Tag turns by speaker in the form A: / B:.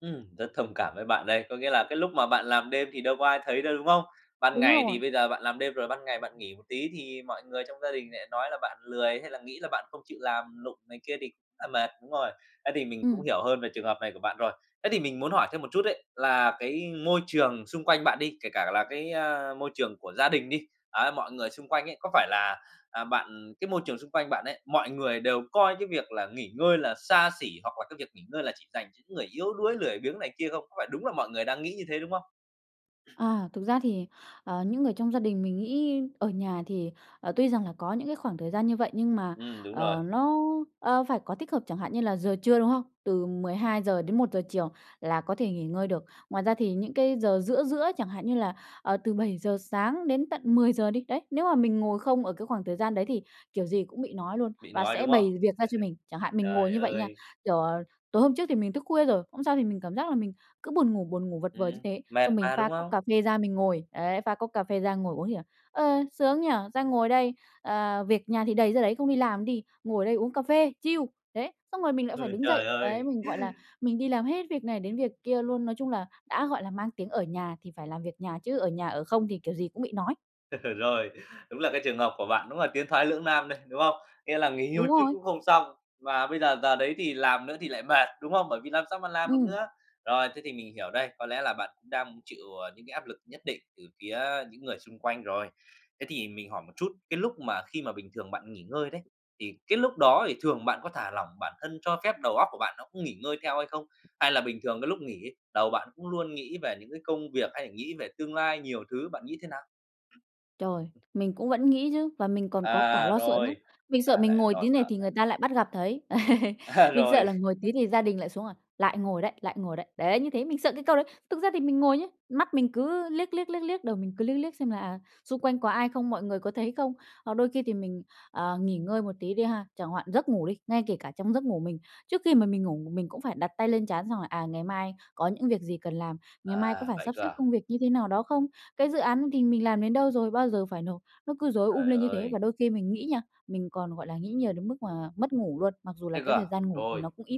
A: Ừm, rất thông cảm với bạn đây, có nghĩa là cái lúc mà bạn làm đêm thì đâu có ai thấy đâu, đúng không? Ban
B: Đúng
A: ngày
B: rồi.
A: thì bây giờ bạn làm đêm rồi ban ngày bạn nghỉ một tí, thì mọi người trong gia đình lại nói là bạn lười hay là nghĩ là bạn không chịu làm lụng này kia thì là mệt, đúng rồi. Ấy, thì mình cũng
B: Ừm.
A: hiểu hơn về trường hợp này của bạn rồi. Thế thì mình muốn hỏi thêm một chút ấy, là cái môi trường xung quanh bạn đi, kể cả là cái, ơ, môi trường của gia đình đi, á, mọi người xung quanh ấy, có phải là, à, bạn cái môi trường xung quanh bạn ấy, mọi người đều coi cái việc là nghỉ ngơi là xa xỉ hoặc là cái việc nghỉ ngơi là chỉ dành cho những người yếu đuối, lười biếng này kia không? Có phải đúng là mọi người đang nghĩ như thế, đúng không?
B: À, thực ra thì, ờ, những người trong gia đình mình nghĩ ở nhà thì, ờ, tuy rằng là có những cái khoảng thời gian như vậy nhưng mà,
A: Ừm, đúng rồi.
B: ờ, nó, ờ, phải có tích hợp, chẳng hạn như là giờ trưa, đúng không? Từ 12:00 đến 1:00 chiều là có thể nghỉ ngơi được. Ngoài ra thì những cái giờ giữa giữa, chẳng hạn như là, ờ, từ 7:00 sáng đến tận 10:00 đi, đấy, nếu mà mình ngồi không ở cái khoảng thời gian đấy thì kiểu gì cũng bị nói luôn
A: Bị
B: và
A: nói,
B: sẽ
A: đúng không?
B: bày việc ra cho mình. Chẳng hạn mình ngồi
A: Trời
B: như vậy nha
A: ơi!
B: kiểu, ờ, tối hôm trước thì mình tức khuya rồi, hôm sau thì mình cảm giác là mình cứ buồn ngủ, buồn ngủ vật vờ như
A: Ừm,
B: thế.
A: mệt
B: Xong mình
A: mà,
B: pha
A: đúng
B: cốc
A: không?
B: cà phê ra mình ngồi, đấy, pha cốc cà phê ra ngồi uống thì, à, "Ờ, sướng nhỉ? Ra ngồi đây, ờ, việc nhà thì đầy ra đấy, không đi làm đi, ngồi đây uống cà phê, chill." Đấy, xong rồi mình lại phải
A: Ừ,
B: đứng
A: trời
B: dậy, ấy,
A: ơi!
B: mình, gọi là, mình đi làm hết việc này đến việc kia luôn. Nói chung là, đã gọi là mang tiếng ở nhà, thì phải làm việc nhà chứ ở nhà ở không thì kiểu gì cũng bị nói.
A: Rồi, đúng là cái trường hợp của bạn, đúng là tiến thoái lưỡng nam đây, đúng không? Nghĩa là nghỉ hưu
B: Đúng
A: chút
B: rồi.
A: cũng không xong. Và bây giờ, giờ đấy thì làm nữa thì lại mệt, đúng không? Bởi vì làm sao mà làm được
B: Ừm.
A: nữa. Rồi, thế thì mình hiểu đây, có lẽ là bạn cũng đang chịu, à, những cái áp lực nhất định từ phía những người xung quanh rồi. Thế thì mình hỏi một chút, cái lúc mà khi mà bình thường bạn nghỉ ngơi đấy, thì cái lúc đó thì thường bạn có thả lỏng bản thân, cho phép đầu óc của bạn nó cũng nghỉ ngơi theo hay không? Hay là bình thường cái lúc nghỉ ấy, đầu bạn cũng luôn nghĩ về những cái công việc hay là nghĩ về tương lai nhiều thứ, bạn nghĩ thế nào?
B: Trời. Mình cũng vẫn nghĩ chứ và mình còn có cả
A: À,
B: lo sợ nữa.
A: rồi.
B: Mình
A: À,
B: sợ mình
A: lại
B: ngồi
A: lo
B: tí này
A: sợ
B: thì
A: đây.
B: người ta lại bắt gặp thấy.
A: À,
B: Mình
A: rồi.
B: sợ là ngồi tí thì gia đình lại xuống, à, "Lại ngồi đấy, lại ngồi đấy." Đấy, như thế, mình sợ cái câu đấy. Thực ra thì mình ngồi nhớ, mắt mình cứ liếc, liếc, liếc, liếc, đầu mình cứ liếc liếc xem là, à, xung quanh có ai không, mọi người có thấy không. Hoặc đôi khi thì mình, ờ, nghỉ ngơi một tí đi ha, chẳng hoạn giấc ngủ đi, ngay kể cả trong giấc ngủ mình. Trước khi mà mình ngủ một mình cũng phải đặt tay lên trán xong là, à, ngày mai có những việc gì cần làm, ngày mai có
A: À,
B: phải
A: vậy
B: sắp
A: cơ
B: xếp
A: à?
B: công việc như thế nào đó không. Cái dự án thì mình làm đến đâu rồi, bao giờ phải nộp. Nó cứ rối um
A: Trời
B: lên như thế và
A: ơi.
B: đôi khi mình nghĩ nha, mình còn, gọi là, nghĩ nhiều đến mức mà mất ngủ luôn, mặc dù là
A: Thế cơ
B: cái
A: à?
B: thời gian ngủ thì
A: Rồi.
B: nó cũng ít.